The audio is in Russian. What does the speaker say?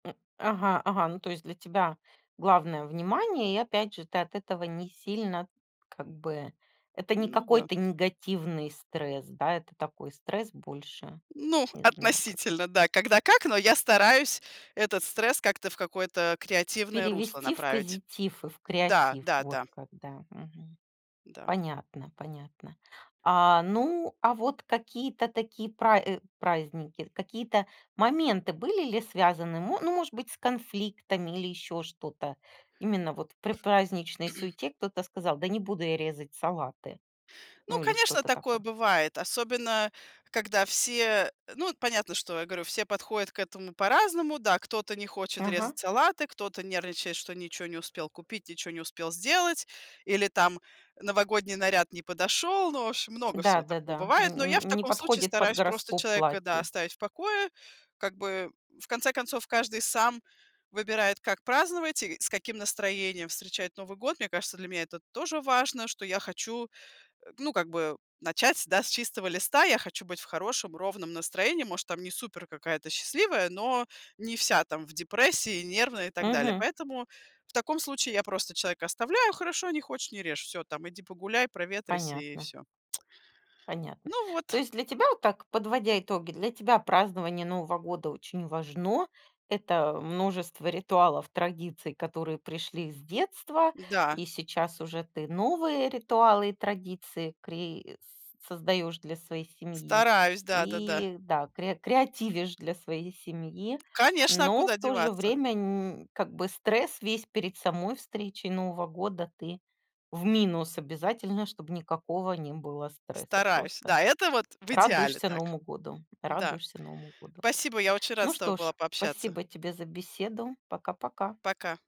М. Ага, ага, ну то есть для тебя главное- внимание и, опять же, ты от этого не сильно, как бы это не Ну да. какой-то негативный стресс, да, это такой стресс больше, Ну, не знаю как относительно, да. Когда как, но я стараюсь этот стресс как-то в какое-то креативное русло перевести в направить. позитив, и в Да, креатив, да, да. вот как, да. Мгм. Да. Понятно. Понятно. А, ну, а вот какие-то такие пра праздники, какие-то моменты были ли связаны, мо ну может быть с конфликтами или ещё что-то? Именно вот в предпраздничной суете кто-то сказал: "Да не буду я резать салаты." Ну, Ну или конечно, что-то такое такое. бывает, особенно когда все, ну, понятно, что я говорю, все подходят к этому по-разному. Да, кто-то не хочет Ага. резать салаты, кто-то нервничает, что ничё не успел купить, ничё не успел сделать, или, там, новогодний наряд не подошел. Ну в общем, много всего такого Да-да-да. бывает. Но я в Н не таком случае подходит под стараюсь просто гороскоп человека, да, платье. оставить в покое. Как бы, в конце концов, каждый сам выбирает, как праздновать и с каким настроением встречать Новый год. Мне кажется, для меня это тоже важно, что я хочу, э, ну, как бы начать, да, с чистого листа. Я хочу быть в хорошем, ровном настроении. Может, там не супер какая-то счастливая, но не вся там в депрессии, нервной и так далее. Мгм. Поэтому в таком случае я просто человека оставляю: "Хорошо, не хочешь- не режь". Всё там иди погуляй, проветрись и Понятно. всё. Понятно. Ну То вот. есть, для тебя, так, подводя итоги, тебя празднование Нового года очень важно. Это множество ритуалов, традиций, которые пришли с детства, Да. и сейчас уже ты новые ритуалы и традиции кри с создаешь для своей семьи, Стараюсь. Да-да-да. и да, кре креативишь для своей семьи. Конечно, а Но, куда в то же деваться? время, нь как бы стресс весь перед самой встречей Нового года ты в минус обязательно, чтобы никакого не было стресса. Стараюсь. Просто Да, это вот в идеале радуешься так. Новому году, Да. радуешься Новому году. Спасибо. Я очень рада Ну с тобой что ж, была пообщаться. спасибо тебе за беседу. Пока пока. Пока.